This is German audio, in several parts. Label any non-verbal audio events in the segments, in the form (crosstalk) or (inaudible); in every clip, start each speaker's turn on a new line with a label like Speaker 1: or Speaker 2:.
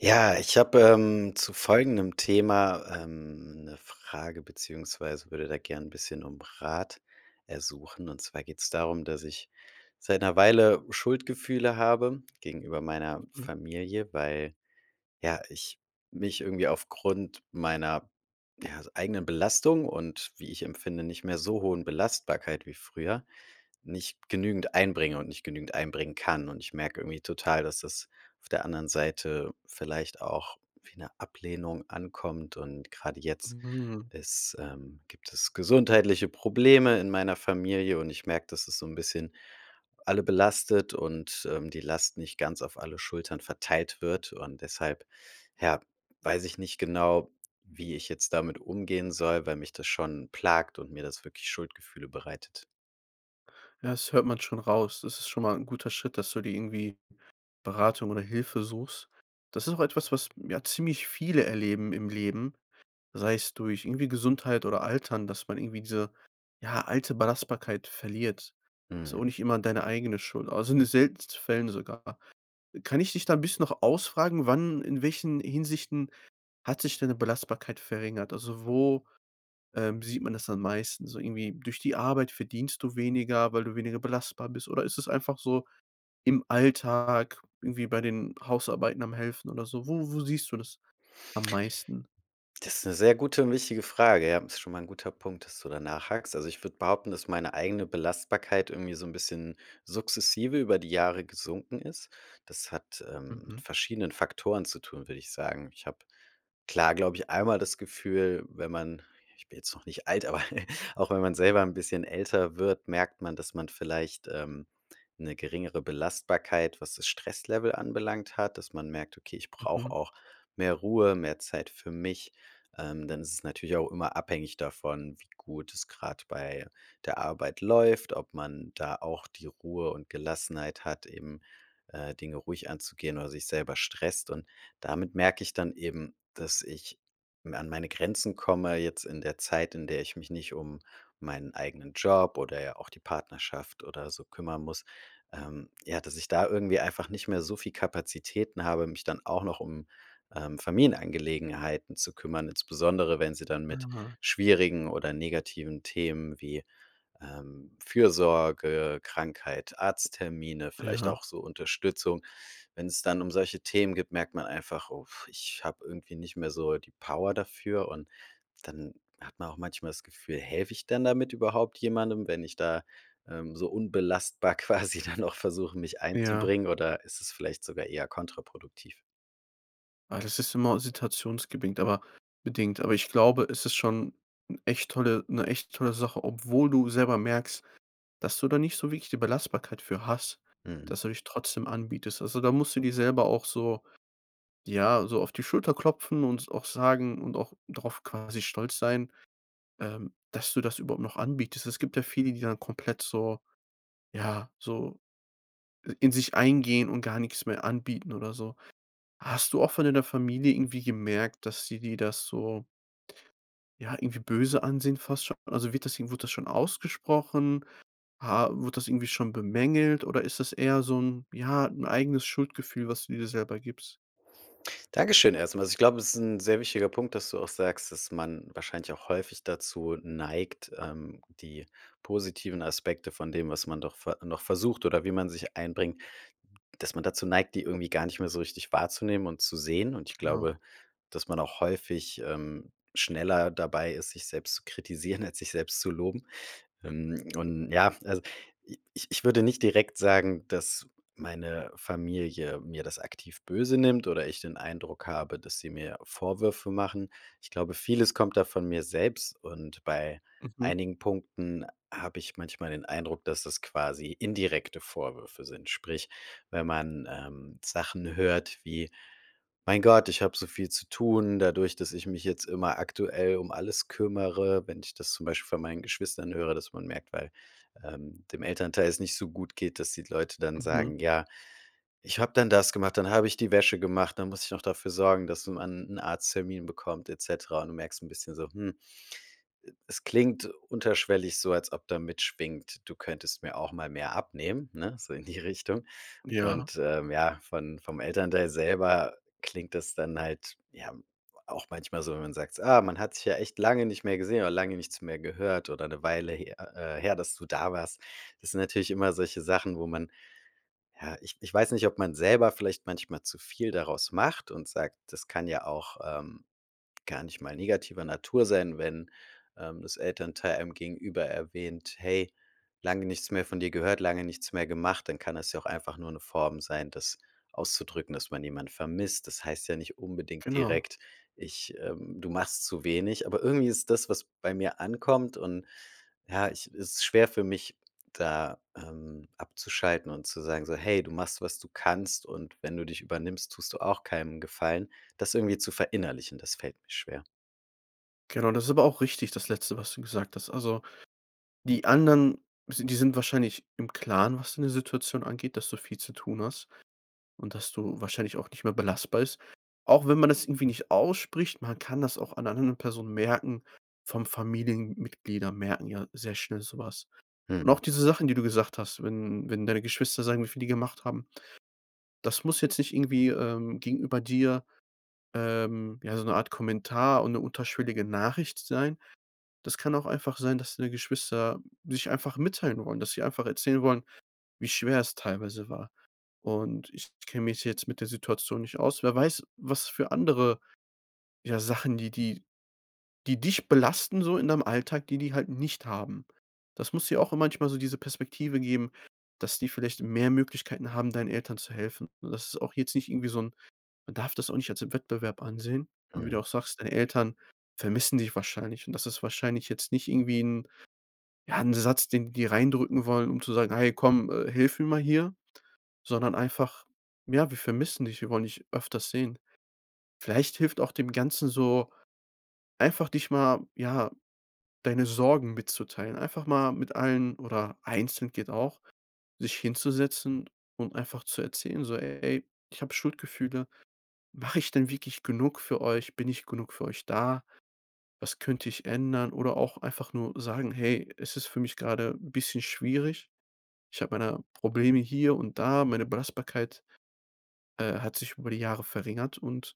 Speaker 1: Ja, ich habe, ähm, zu folgendem Thema, ähm, 'ne Frage beziehungsweise würde da gerne 'n bisschen um Rat ersuchen. Und zwar geht's darum, dass ich seit 'ner Weile Schuldgefühle habe gegenüber meiner
Speaker 2: Mhm.
Speaker 1: Familie, weil, ja, ich mich irgendwie aufgrund meiner, ja, eigenen Belastung und wie ich empfinde, nicht mehr so hohen Belastbarkeit wie früher, nicht genügend einbringe und nicht genügend einbringen kann. Und ich merke irgendwie total, dass das auf der anderen Seite vielleicht auch wie 'ne Ablehnung ankommt und gerade jetzt
Speaker 2: Mhm.
Speaker 1: ist ähm, gibt es gesundheitliche Probleme in meiner Familie und ich merke, dass es so 'n bisschen alle belastet und, ähm, die Last nicht ganz auf alle Schultern verteilt wird und deshalb, ja, weiß ich nicht genau, wie ich jetzt damit umgehen soll, weil mich das schon plagt und mir das wirklich Schuldgefühle bereitet.
Speaker 2: Ja, das hört man schon raus. Das ist schon mal 'n guter Schritt, dass du dir irgendwie Beratung oder Hilfe suchst. Das ist auch etwas, was, ja, ziemlich viele erleben im Leben, sei es durch irgendwie Gesundheit oder Altern, dass man irgendwie diese, ja, alte Belastbarkeit verliert. Ist
Speaker 1: Mhm.
Speaker 2: auch nicht immer deine eigene Schuld, also, in den seltensten Fällen sogar. Kann ich dich da 'n bisschen noch ausfragen, wann in welchen Hinsichten hat sich deine Belastbarkeit verringert? Also, wo, ähm, sieht man das am meisten? So irgendwie durch die Arbeit verdienst du weniger, weil du weniger belastbar bist oder ist es einfach so im Alltag, irgendwie bei den Hausarbeiten am Helfen oder so? Wo wo siehst du das am meisten?
Speaker 1: Das ist 'ne sehr gute und wichtige Frage, ja. Ist schon mal 'n guter Punkt, dass du da nachhakst. Also, ich würde behaupten, dass meine eigene Belastbarkeit irgendwie so 'n bisschen sukzessive über die Jahre gesunken ist. Das hat, ähm, mit
Speaker 2: Mhm.
Speaker 1: verschiedenen Faktoren zu tun, würde ich sagen. Ich habe, klar, glaube ich, einmal das Gefühl, wenn man ich bin jetzt noch nicht alt, aber (chuckles) auch wenn man selber 'n bisschen älter wird, merkt man, dass man vielleicht, ähm, 'ne geringere Belastbarkeit, was das Stresslevel anbelangt hat, dass man merkt: „Okay, ich brauche
Speaker 2: Mhm.
Speaker 1: auch mehr Ruhe, mehr Zeit für mich.", ähm, dann ist es natürlich auch immer abhängig davon, wie gut es grad bei der Arbeit läuft, ob man da auch die Ruhe und Gelassenheit hat, eben, äh, Dinge ruhig anzugehen oder sich selber stresst. Und damit merke ich dann eben, dass ich m an meine Grenzen komme, jetzt in der Zeit, in der ich mich nicht um meinen eigenen Job oder, ja, auch die Partnerschaft oder so kümmern muss. Ähm, ja, dass ich da irgendwie einfach nicht mehr so viel Kapazitäten habe, mich dann auch noch um, ähm, Familienangelegenheiten zu kümmern, insbesondere wenn sie dann mit
Speaker 2: Ah.
Speaker 1: schwierigen oder negativen Themen wie, ähm, Fürsorge, Krankheit, Arzttermine, vielleicht
Speaker 2: Ja.
Speaker 1: auch so Unterstützung. Wenn's dann um solche Themen gibt, merkt man einfach: „Uff, ich habe irgendwie nicht mehr so die Power dafür." Und dann hat man auch manchmal das Gefühl: „Helfe ich denn damit überhaupt jemandem, wenn ich da, ähm, so unbelastbar quasi dann auch versuche, mich
Speaker 2: Ja.
Speaker 1: einzubringen oder ist es vielleicht sogar eher kontraproduktiv?"
Speaker 2: Ah, das ist immer situationsbedingt, aber bedingt. Aber ich glaube, es ist schon 'n echt tolle 'ne echt tolle Sache, obwohl du selber merkst, dass du da nicht so wirklich die Belastbarkeit für hast,
Speaker 1: Mhm.
Speaker 2: dass du dich trotzdem anbietest. Also, da musst du dir selber auch so ja, so auf die Schulter klopfen und s auch sagen und auch drauf, quasi, stolz sein, ähm, dass du das überhaupt noch anbietest. Es gibt ja viele, die dann komplett so ja, so in sich eingehen und gar nix mehr anbieten oder so. Hast du auch von deiner Familie irgendwie gemerkt, dass die dir das so ja, irgendwie böse ansehen fast schon also, wird das i wurde das schon ausgesprochen? Ha wurde das irgendwie schon bemängelt oder ist das eher so 'n ja, 'n eigenes Schuldgefühl, was du dir selber gibst?
Speaker 1: Dankeschön erst mal. Also ich glaube, es ist 'n sehr wichtiger Punkt, dass du auch sagst, dass man wahrscheinlich auch häufig dazu neigt, ähm, die positiven Aspekte von dem, was man doch ver noch versucht oder wie man sich einbringt, dass man dazu neigt, die irgendwie gar nicht mehr so richtig wahrzunehmen und zu sehen. Und ich
Speaker 2: Genau.
Speaker 1: glaube, dass man auch häufig, ähm, schneller dabei ist, sich selbst zu kritisieren, als sich selbst zu loben, ähm, und ja, f also, i ich ich würde nicht direkt sagen, dass meine Familie mir das aktiv böse nimmt oder ich den Eindruck habe, dass sie mir Vorwürfe machen. Ich glaube, vieles kommt da von mir selbst und bei
Speaker 2: Mhm.
Speaker 1: einigen Punkten habe ich manchmal den Eindruck, dass das quasi indirekte Vorwürfe sind. Sprich, wenn man, ähm, Sachen hört wie: „Mein Gott, ich habe so viel zu tun, dadurch, dass ich mich jetzt immer aktuell um alles kümmere." Wenn ich das zum Beispiel von meinen Geschwistern höre, dass man merkt, weil, ähm, dem Elternteil es nicht so gut geht, dass die Leute dann
Speaker 2: Mhm.
Speaker 1: sagen, ja: „Ich habe dann das gemacht, dann habe ich die Wäsche gemacht, dann musste ich noch dafür sorgen, dass man 'n Arzttermin bekommt.", et cetera und du merkst ein bisschen so, hm, es klingt unterschwellig so, als ob da mitschwingt: „Du könntest mir auch mal mehr abnehmen.", ne? So in die Richtung.
Speaker 2: Ja.
Speaker 1: Und, ähm, ja, von vom Elternteil selber klingt das dann halt ja auch manchmal so, wenn man sagt: „Ah, man hat sich ja echt lange nicht mehr gesehen oder lange nichts mehr gehört oder 'ne Weile he äh, äh, her, dass du da warst." Das sind natürlich immer solche Sachen, wo man ja, ich ich weiß nicht, ob man selber vielleicht manchmal zu viel daraus macht und sagt: „Das kann ja auch, ähm, gar nicht mal negativer Natur sein, wenn, ähm, das Elternteil einem Gegenüber erwähnt: ‚Hey, lange nichts mehr von dir gehört, lange nichts mehr gemacht.'" Dann kann das ja auch einfach nur 'ne Form sein, das auszudrücken, dass man jemand vermisst. Das heißt ja nicht unbedingt
Speaker 2: Genau.
Speaker 1: direkt: „Ich ähm, du machst zu wenig." Aber irgendwie ist das, was bei mir ankommt und ja, ich es ist schwer für mich, da, ähm, abzuschalten und zu sagen so: „Hey, du machst, was du kannst und wenn du dich übernimmst, tust du auch keinem 'n Gefallen.“ Das irgendwie zu verinnerlichen, das fällt mir schwer.
Speaker 2: Genau, das ist aber auch richtig, das Letzte, was du gesagt hast. Also, die anderen, si die sind wahrscheinlich im Klaren, was deine Situation angeht, dass du viel zu tun hast und dass du wahrscheinlich auch nicht mehr belastbar ist. Auch wenn man das irgendwie nicht ausspricht, man kann das auch an anderen Personen merken, vor allem Familienmitglieder merken ja sehr schnell so was. Und
Speaker 1: Mhm.
Speaker 2: auch diese Sachen die du gesagt hast, wenn wenn deine Geschwister sagen, wie viel die gemacht haben das muss jetzt nicht irgendwie, ähm, gegenüber dir, ähm, ja so 'ne Art Kommentar und 'ne unterschwellige Nachricht sein. Das kann auch einfach sein, dass deine Geschwister sich einfach mitteilen wollen, dass sie einfach erzählen wollen, wie schwer es teilweise war. Und ich kenne mich jetzt mit der Situation nicht aus wer weiß, was für andere ja, Sachen, die die die dich belasten so in deinem Alltag, die die halt nicht haben. Das muss dir auch manchmal so diese Perspektive geben, dass die vielleicht mehr Möglichkeiten haben, deinen Eltern zu helfen. Und das ist auch jetzt nicht irgendwie so 'n man darf das auch nicht als Wettbewerb ansehen. Und wie du
Speaker 1: Mhm.
Speaker 2: auch sagst, deine Eltern vermissen dich wahrscheinlich, und das ist wahrscheinlich jetzt nicht irgendwie 'n ja 'n Satz, den die dir reindrücken wollen, um zu sagen: „Hey komm, äh, hilf mir mal hier“, sondern einfach: „Ja, wir vermissen dich, wir wollen dich öfters sehen.“ Vielleicht hilft auch dem Ganzen so, einfach, dich mal ja, deine Sorgen mitzuteilen, einfach mal mit allen oder einzeln geht auch, sich hinzusetzen und einfach zu erzählen, so: „Ey, ich habe Schuldgefühle. Mache ich denn wirklich genug für euch? Bin ich genug für euch da? Was könnte ich ändern?“ Oder auch einfach nur sagen: „Hey, es ist für mich grade 'n bisschen schwierig. Ich habe meine Probleme hier und da, meine Belastbarkeit, äh, hat sich über die Jahre verringert und,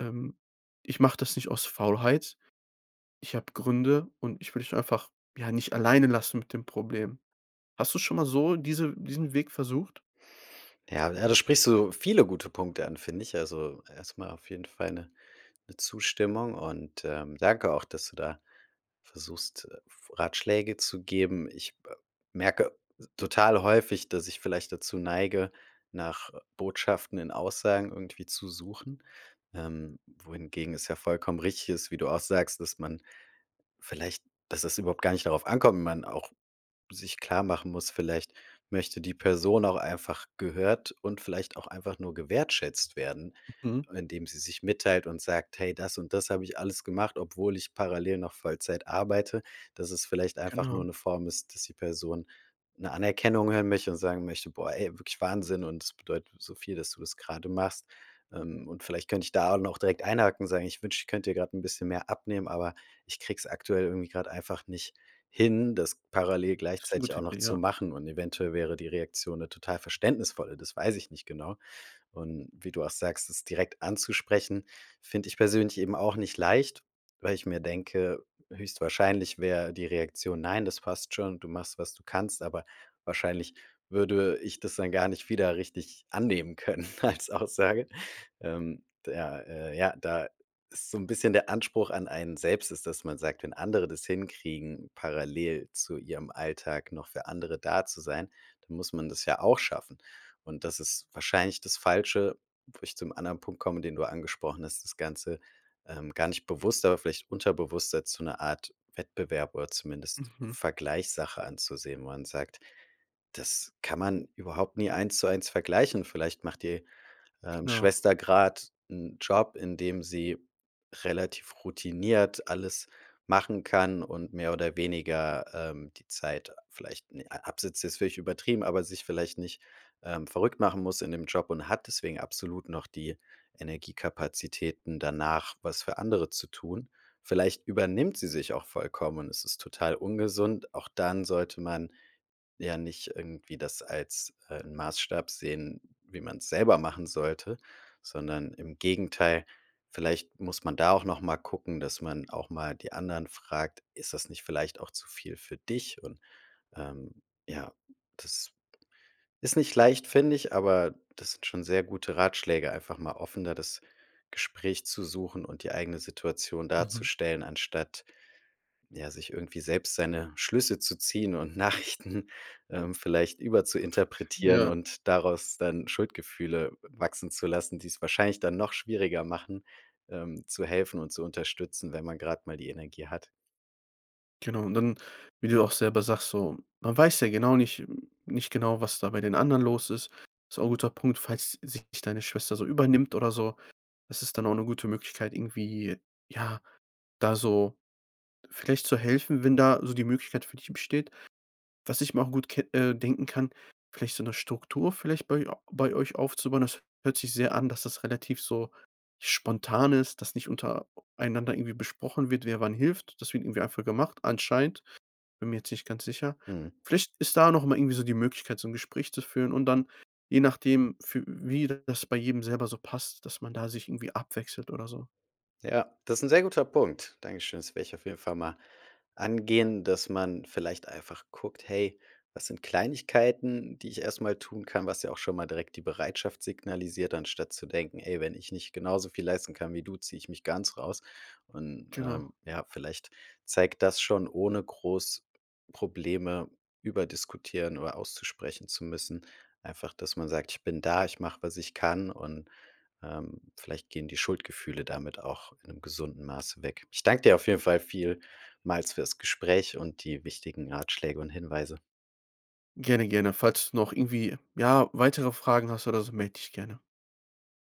Speaker 2: ähm, ich mache das nicht aus Faulheit. Ich habe Gründe und ich will dich doch einfach, ja, nicht alleine lassen mit dem Problem.“ Hast du schon mal so diese diesen Weg versucht?
Speaker 1: Ja, ja, da sprichst du viele gute Punkte an, finde ich. Also, erst mal auf jeden Fall 'ne 'ne Zustimmung und, ähm, danke auch, dass du da versuchst, äh, f Ratschläge zu geben. Ich b merke total häufig, dass ich vielleicht dazu neige, nach Botschaften in Aussagen irgendwie zu suchen. Ähm, wohingegen es ja vollkommen richtig ist, wie du auch sagst, dass man vielleicht dass das überhaupt gar nicht darauf ankommt, man auch sich klarmachen muss: Vielleicht möchte die Person auch einfach gehört und vielleicht auch einfach nur gewertschätzt werden,
Speaker 2: Mhm.
Speaker 1: indem sie sich mitteilt und sagt: „Hey, das und das habe ich alles gemacht, obwohl ich parallel noch Vollzeit arbeite.“ Dass es vielleicht einfach nur
Speaker 2: Genau.
Speaker 1: 'ne Form ist, dass die Person 'ne Anerkennung hören möchte und sagen möchte: „Boah ey, wirklich Wahnsinn und es bedeutet so viel, dass du das gerade machst.“ Ähm, und vielleicht könnte ich da auch noch direkt einhaken, sagen: „Ich wünsche, ich könnte dir grad 'n bisschen mehr abnehmen, aber ich kriege es aktuell irgendwie grad einfach nicht hin, das parallel
Speaker 2: Ist 'ne
Speaker 1: gleichzeitig
Speaker 2: gute
Speaker 1: auch noch
Speaker 2: Idee,
Speaker 1: zu
Speaker 2: ja.
Speaker 1: machen“, und eventuell wäre die Reaktion 'ne total verständnisvolle. Das weiß ich nicht genau. Und wie du auch sagst, es direkt anzusprechen, finde ich persönlich eben auch nicht leicht, weil ich mir denke, höchstwahrscheinlich wäre die Reaktion: „Nein, das passt schon. Du machst, was du kannst“, aber wahrscheinlich würde ich das dann gar nicht wieder richtig annehmen können als Aussage. Ähm, d ja, äh, ja, da ist so 'n bisschen der Anspruch an einen selbst ist, dass man sagt: „Wenn andere das hinkriegen, parallel zu ihrem Alltag noch für andere da zu sein, dann muss man das ja auch schaffen.“ Und das ist wahrscheinlich das Falsche, wo ich zum anderen Punkt komme, den du angesprochen hast, das Ganze, ähm, gar nicht bewusst, aber vielleicht unterbewusst jetzt zu 'ner Art Wettbewerb oder zumindest
Speaker 2: Mhm.
Speaker 1: Vergleichssache anzusehen, wo man sagt: „Das kann man überhaupt nie 1 zu 1 vergleichen.“ Vielleicht macht die, ähm,
Speaker 2: Genau.
Speaker 1: Schwester grad 'n Job, in dem sie relativ routiniert alles machen kann und mehr oder weniger, ähm, die Zeit vielleicht ne ab absitzt, ist völlig übertrieben, aber sich vielleicht nicht, ähm, verrückt machen muss in dem Job und hat deswegen absolut noch die Energiekapazitäten, danach was für andere zu tun. Vielleicht übernimmt sie sich auch vollkommen und es ist total ungesund. Auch dann sollte man ja nicht irgendwie das als ein Maßstab sehen, wie man's selber machen sollte, sondern im Gegenteil, vielleicht muss man da auch noch mal gucken, dass man auch mal die anderen fragt: „Ist das nicht vielleicht auch zu viel für dich?“ Und, ähm, ja, das ist nicht leicht, finde ich, aber das sind schon sehr gute Ratschläge, einfach mal offener das Gespräch zu suchen und die eigene Situation
Speaker 2: Mhm.
Speaker 1: darzustellen, anstatt, ja, sich irgendwie selbst seine Schlüsse zu ziehen und Nachrichten, ähm, vielleicht überzuinterpretieren
Speaker 2: Ja.
Speaker 1: und daraus dann Schuldgefühle w wachsen zu lassen, die es wahrscheinlich dann noch schwieriger machen, ähm, zu helfen und zu unterstützen, wenn man grad mal die Energie hat.
Speaker 2: Genau, und dann wie du ja auch selber sagst so, man weiß ja genau nicht nicht genau, was da bei den anderen los ist. Ist auch 'n guter Punkt. Falls sich nicht deine Schwester so übernimmt oder so, ist es dann auch 'ne gute Möglichkeit, irgendwie, ja, da so vielleicht zu helfen, wenn da so die Möglichkeit für dich besteht. Was ich mir auch gut ke äh, denken kann, vielleicht so 'ne Struktur vielleicht bei a bei euch aufzubauen. Das hört sich sehr an, dass das relativ so spontan ist, dass nicht unter einander irgendwie besprochen wird, wer wann hilft. Das wird irgendwie einfach gemacht anscheinend, bin mir jetzt nicht ganz sicher.
Speaker 1: Mhm.
Speaker 2: Vielleicht ist da noch mal irgendwie so die Möglichkeit so 'n Gespräch zu führen und dann, je nachdem für wie das bei jedem selber so passt, dass man da sich irgendwie abwechselt oder so.
Speaker 1: Ja, das ist 'n sehr guter Punkt. Dankeschön, das werde ich auf jeden Fall mal angehen, dass man vielleicht einfach guckt: „Hey, was sind Kleinigkeiten, die ich erst mal tun kann?“, was ja auch schon mal direkt die Bereitschaft signalisiert, anstatt zu denken: „Hey, wenn ich nicht genauso viel leisten kann wie du, ziehe ich mich ganz raus.“ Und,
Speaker 2: Genau.
Speaker 1: ähm, ja, vielleicht zeigt das schon, ohne groß Probleme überdiskutieren oder auszusprechen zu müssen. Einfach, dass man sagt: „Ich bin da, ich mache, was ich kann“, und, ähm, vielleicht gehen die Schuldgefühle damit auch in 'nem gesunden Maße weg. Ich danke dir auf jeden Fall vielmals für das Gespräch und die wichtigen Ratschläge und Hinweise.
Speaker 2: Gerne, gerne. Falls du noch irgendwie, ja, weitere Fragen hast oder so, melde dich gerne.